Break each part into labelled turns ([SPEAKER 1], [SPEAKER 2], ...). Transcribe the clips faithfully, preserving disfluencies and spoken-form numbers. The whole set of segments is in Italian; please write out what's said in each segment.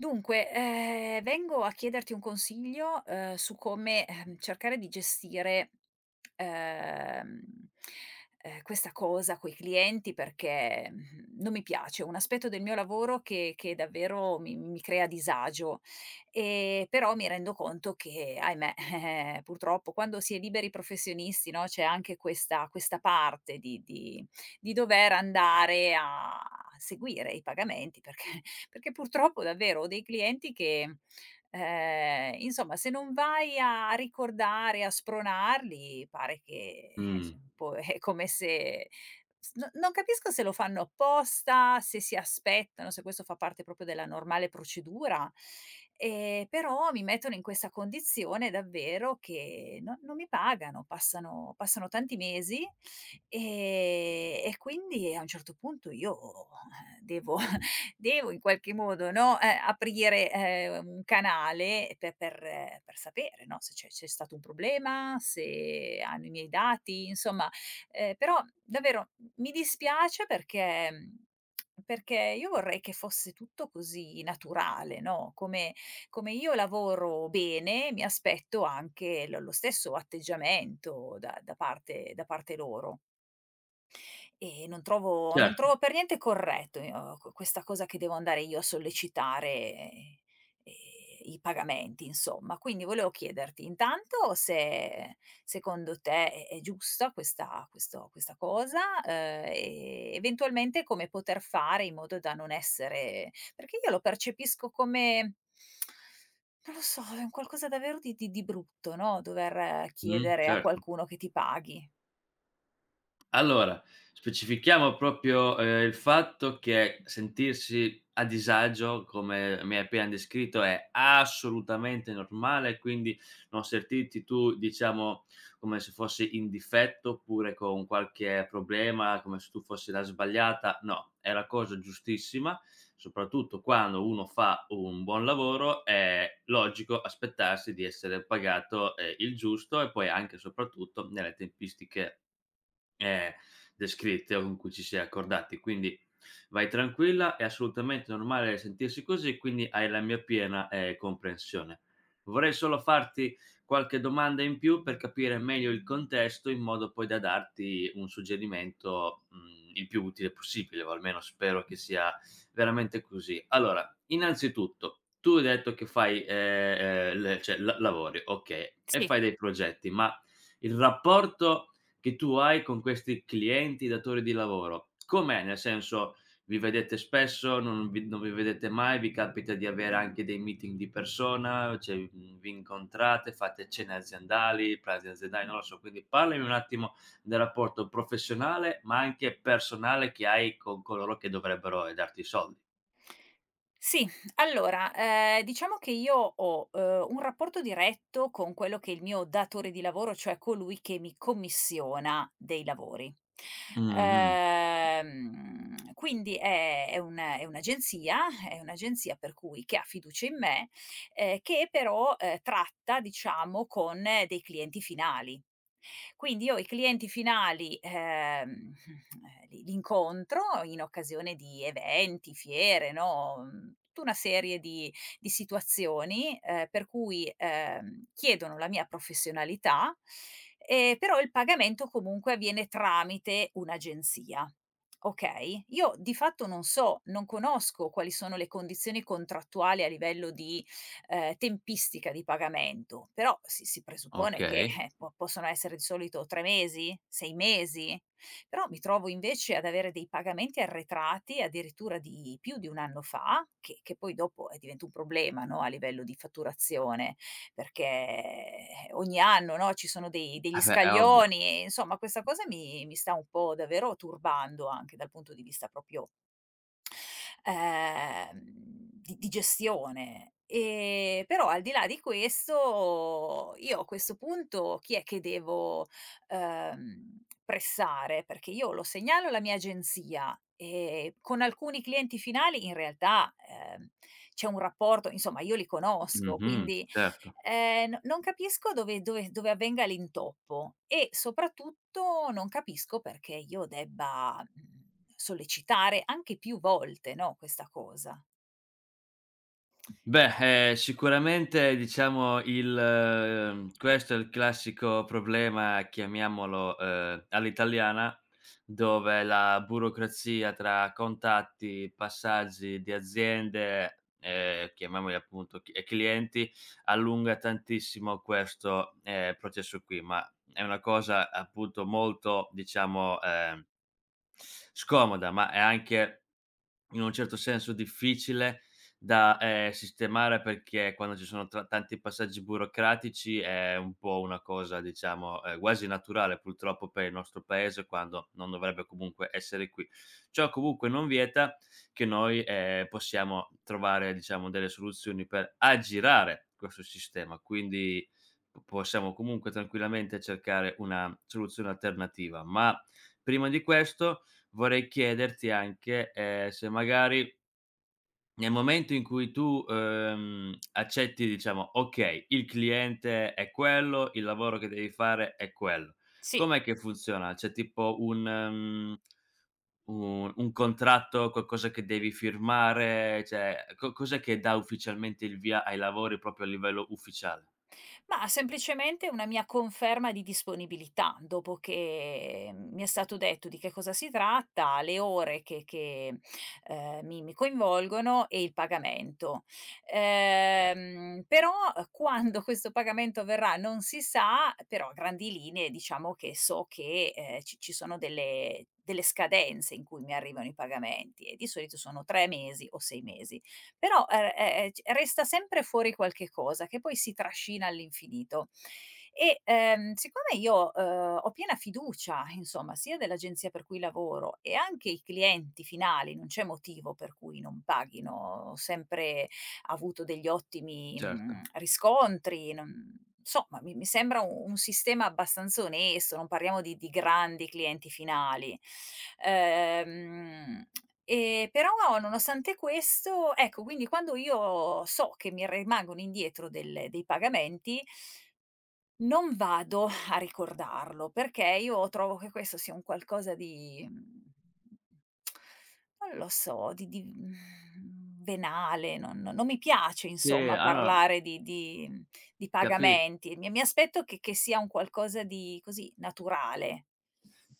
[SPEAKER 1] Dunque, ehm, vengo a chiederti un consiglio, ehm, su come, ehm, cercare di gestire, ehm, ehm, questa cosa coi clienti perché, mhmm, non mi piace. È un aspetto del mio lavoro che che davvero mi mi crea disagio. Ehm, però mi rendo conto che, ahimè, eh-eh, purtroppo quando si è liberi professionisti, no, c'è anche questa questa parte di di di dover andare a seguire i pagamenti perché perché purtroppo davvero ho dei clienti che, ehm, insomma se non vai a ricordare, a spronarli pare che, ehm,
[SPEAKER 2] Mh.
[SPEAKER 1] insom un po' è come se s no non capisco se lo fanno apposta, se si aspettano se questo fa parte proprio della normale procedura. Ehm, però mi mettono in questa condizione davvero che no non mi pagano, passano passano tanti mesi, ehm, e quindi a un certo punto io devo devo in qualche modo, no, ehm, aprire, ehm, un canale per per per sapere, no, se c'è c'è stato un problema, se hanno i miei dati. Insomma, ehm, però davvero m mi dispiace perché perché io vorrei che fosse tutto così naturale, no, come come io lavoro bene, mi aspetto anche lo lo stesso atteggiamento da da parte da parte loro. E non trovo non
[SPEAKER 2] Certo.
[SPEAKER 1] trovo per niente corretto io q questa cosa che devo andare io a sollecitare ehm, ehm, i pagamenti, insomma. Quindi volevo chiederti, intanto se secondo te è è giusta questa questo questa cosa, uhm, e eventualmente come poter fare in modo da non essere perché io lo percepisco come non lo so, un qualcosa davvero di di di brutto, no, dover
[SPEAKER 2] Mh,
[SPEAKER 1] chiedere a
[SPEAKER 2] certo.
[SPEAKER 1] qualcuno che ti paghi.
[SPEAKER 2] Allora, specifichiamo proprio, ehm, il fatto che sentirsi a disagio, come mi hai appena descritto, è assolutamente normale, quindi non sertirti tu, diciamo, come se fossi in difetto oppure con qualche problema, come se tu fossi la sbagliata. No, è la cosa giustissima, soprattutto quando uno fa un buon lavoro, è logico aspettarsi di essere pagato, ehm, il giusto e poi anche soprattutto nelle tempistiche, ehm, descritte o in cui ci si è accordati. Quindi, vai tranquilla, è assolutamente normale sentirsi così, quindi hai la mia piena, ehm, comprensione. Vorrei solo farti qualche domanda in più, per capire meglio il contesto, in modo poi da darti un suggerimento, mhmm, il più utile possibile, o almeno spero che sia veramente così. Allora, innanzitutto, tu hai detto che fai, ehm, ehm, le cioè, la-lavori, okay, e
[SPEAKER 1] Sì.
[SPEAKER 2] fai dei progetti, ma il rapporto che tu hai con questi clienti, datori di lavoro, com'è? Nel senso, vi vedete spesso? Non vi non vi vedete mai? Vi capita di avere anche dei meeting di persona? Cioè, n vi incontrate, fate cene aziendali, pranzi aziendali? Non lo so, quindi parlimi un attimo del rapporto professionale, ma anche personale, che hai con coloro che dovrebbero, ehm, darti i soldi.
[SPEAKER 1] Sì, allora, ehm, diciamo che io ho, uhm, un rapporto diretto con quello che è il mio datore di lavoro, cioè colui che mi commissiona dei lavori.
[SPEAKER 2] Mh-mh-mh.
[SPEAKER 1] Uhm, quindi è è un è un'agenzia è un'agenzia per cui che ha fiducia in me, ehm, che però, uhm, tratta diciamo con dei clienti finali. Quindi io i clienti finali, ehm, mhmm, ehm, li li incontro in occasione di eventi, fiere, no, mhmm, tu una serie di di situazioni, ehm, per cui, ehm, chiedono la mia professionalità e però il pagamento comunque avviene tramite un'agenzia, okay. Io di fatto non so non conosco quali sono le condizioni contrattuali a livello di, ehm, tempistica di pagamento, però si si presuppone che,
[SPEAKER 2] Okay.
[SPEAKER 1] eh, po possono essere di solito tre mesi? sei mesi? Però mi trovo invece ad avere dei pagamenti arretrati addirittura di più di un anno fa, che che poi dopo eh, diventa un problema, no, a livello di fatturazione, perché ogni anno, no, ci sono dei degli
[SPEAKER 2] Ah, beh, è ovvio.
[SPEAKER 1] scaglioni. Insomma, questa cosa mi mi sta un po' davvero turbando, anche dal punto di vista popio ehm, di di gestione. Ehm, però al di là di questo, io a questo punto chi è che devo, ehm, pressare? Perché io lo segnalo alla mia agenzia. Ehm, con alcuni clienti finali in realtà, uhm, c'è un rapporto insomma io li conosco,
[SPEAKER 2] Mh-mh,
[SPEAKER 1] quindi,
[SPEAKER 2] certo.
[SPEAKER 1] ehm, no non capisco dove dove dove avvenga l'intoppo, e soprattutto non capisco perché io debba, mhmm, sollecitare anche più volte, no, questa cosa.
[SPEAKER 2] Beh, ehm, sicuramente, diciamo, il mhmm, questo è il classico problema, chiamiamolo, uhm, all'italiana, dove la burocrazia tra contatti, passaggi di aziende, ehm, chiamiamoli appunto c ehm, clienti, allunga tantissimo questo, ehm, processo qui. Ma, è una cosa, appunto, molto, diciamo, ehm scomoda, ma è anche, in un certo senso difficile da, ehm, sistemare perché quando ci sono tra tanti passaggi burocratici, è un po' una cosa, diciamo, ehm, guasi naturale purtroppo per il nostro paese quando non dovrebbe comunque essere qui. Ciò comunque non vieta che noi, ehm, possiamo trovare, diciamo, delle soluzioni per aggirare quesso sistema, quindi, possiamo comunque tranquillamente cercare una soluzione alternativa. Ma, prima di questo vorrei chiederti anche, ehm, se magari nel momento in cui tu, ehm, accetti, diciamo: okay, il cliente è quello, il lavoro che devi fare è quello.
[SPEAKER 1] Sì.
[SPEAKER 2] Com'è che funziona? C'è tipo un, mhmm, un un contratto, qualcosa che devi firmare? Cioè, co cos'è che dà ufficialmente il via ai lavori proprio a livello ufficiale?
[SPEAKER 1] Mah, semplicemente una mia conferma di disponibilità, dopo che mi è stato detto di che cosa si tratta, le ore che che, ehm, mi mi coinvolgono, e il pagamento. Ehm, però quando questo pagamento avverrà non si sa; però a grandi linee diciamo che so che, ehm, ci ci sono delle delle scadenze in cui mi arrivano i pagamenti e di solito sono tre mesi o sei mesi. Però, ehm ehm ehm, c resta sempre fuori qualche cosa, che poi si trascina all'infinito. E, ehm, siccome io, uhm, ho piena fiducia, insomma, sia dell'agenzia per cui lavoro e anche i clienti finali non c'è motivo per cui non paghino. Ho sempre avuto degli ottimi, mhmm,
[SPEAKER 2] Certo.
[SPEAKER 1] riscontri, non, mhmm, somma ma mi mi sembra un un sistema abbastanza onesto, non parliamo di di grandi clienti finali. Ehm e però nonostante questo ecco, quindi, quando io so che mi remangono indietro delle dei pagament non vado a ricordarlo perché io trovo che questo sia un qualcosa di, mhmm, non lo so, di di venale. non non non mi piace
[SPEAKER 2] SÌ,
[SPEAKER 1] insomma
[SPEAKER 2] alora
[SPEAKER 1] parlare di di, mhmm, di
[SPEAKER 2] Capi
[SPEAKER 1] pagamenti. Mi mi aspetto che che sia un qualcosa di così, naturale.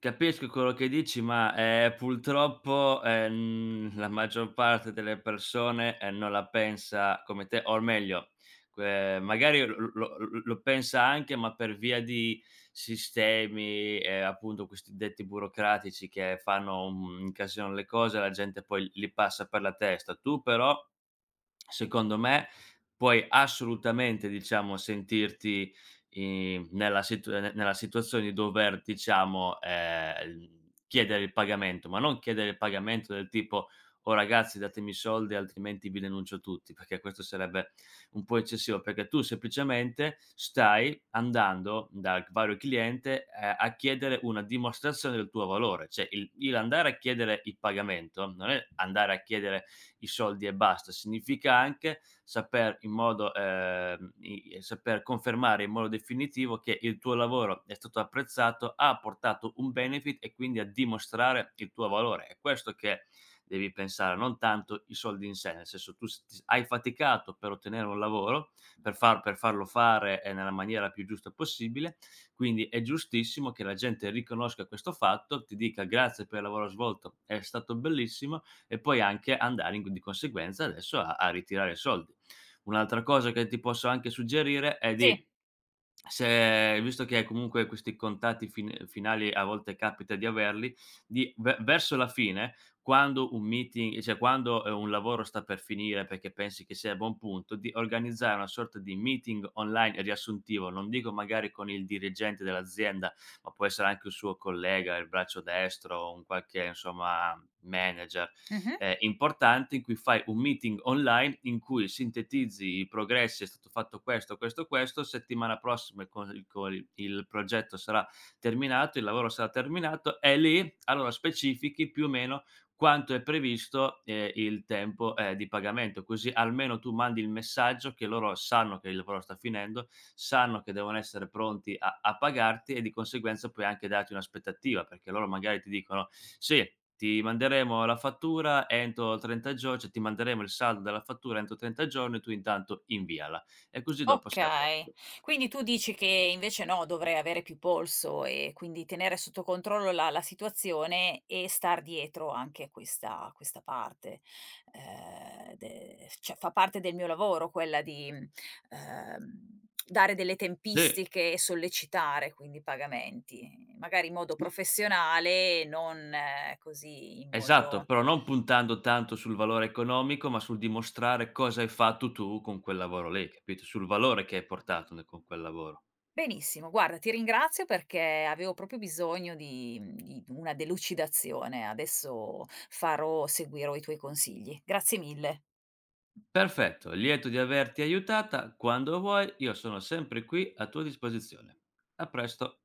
[SPEAKER 2] Capisco quello che dici, ma, ehm, pultroppo, ehm, la maggior parte delle persone, ehm, non la pensa come te, or meglio, que magari l l lo l l lo pensa anche ma per via di sistemi e appunto questi detti burocratici che fanno, un mhmm, incasinano le cose, la gente poi l li passa per la testa. Tu però, secondo me, puoi assolutamente, diciamo, sentirti, i nella situ nella situazione di dover, diciamo, ehm, l chiedere il pagamento, ma non chiedere il pagamento del tipo: "Oh ragazzi, datemi i soldi altrimenti vi denuncio tutti", perché questo sarebbe un po' eccessivo, perché tu semplicemente, stai andando, dal g vario cliente, uhm, a chiedere una dimostrazione del tuo valore. Cioè, il l andare a chiedere il pagamento, non è andare a chiedere i soldi e basta, significa anche saper, in modo, ehm i saper confermare in modo definitivo che il tuo lavoro è stato apprezzato, ha portato un benefit e quindi a dimostrare il tuo valore. È questo che devi pensare, non tanto i soldi in sé, nel senso, tu st s hai faticato per ottenere un lavoro, per far per farlo fare, ehm, nella maniera più giusta possibile, quindi è giustissimo che la gente riconosca questo fatto, ti dica: "Grazie per il lavoro svolto, è stato bellissimo", e poi anche andare di conseguenza adesso a a ritirare i sol Un'altra cosa che ti posso anche suggerire è
[SPEAKER 1] Sì.
[SPEAKER 2] di se visto che comunque questi contatti fin finali a volte capita di averli, di ve verso la fine, quando un meeting cioè, quando un lavoro sta per finire, perché pensi che sia a buon punto, di organizzare una sorta di meeting online e riassuntivo, non dico magari con il dirigente dell'azienda, ma può essere anche un suo collega, il braccio destro o un qualche, insomma, manager,
[SPEAKER 1] Mh-mh
[SPEAKER 2] ehm, importante in cui fai un meeting online in cui sintetizzi i progressi: "È stato fatto questo, questo, questo", settimana prossima col col il progetto sarà terminato, il lavoro sarà terminato, e lì, allora specifichi più o meno quanto è previsto, ehm, il tempo, ehm, di pagamento; così almeno tu mandi il messaggio che loro sanno che il lavoro sta finendo, sanno che devono essere pronti a a pagarti e di conseguenza puoi anche darti un'aspettativa, perché loro magari ti dicono: "Sì, ti manderemo la fattura entro trenta gior cioè ti manderemo il saldo della fattura entro trenta giorni", tu intanto inviala, e così dopo sei a
[SPEAKER 1] Okay,
[SPEAKER 2] posto.
[SPEAKER 1] quindi tu dici che invece, no, dovrei avere più polso e quindi tenere sotto controllo la la situazione e star dietro anche a questa questa parte. Ehm, de cioè fa parte del mio lavoro quella di, mhmm, ehm, dare delle
[SPEAKER 2] Sì.
[SPEAKER 1] tempistiche e sollecitare quindi i pagamenti, magari in modo
[SPEAKER 2] Sì.
[SPEAKER 1] professionale, non così, in
[SPEAKER 2] Esatto,
[SPEAKER 1] modo
[SPEAKER 2] però non puntando tanto sul valore economico, ma sul dimostrare cosa hai fatto tu con quel lavoro lì, capito, sul valore che hai portato nel con quel lavoro.
[SPEAKER 1] Benissimo. Guarda, ti ringrazio perché avevo proprio bisogno di di una delucidazione, adesso farò seguirò i tuoi consigli. Grazie mille.
[SPEAKER 2] Perfetto! Lieto di averti aiutata, quando vuoi, io sono sempre qui, a tua disposizione. A presto.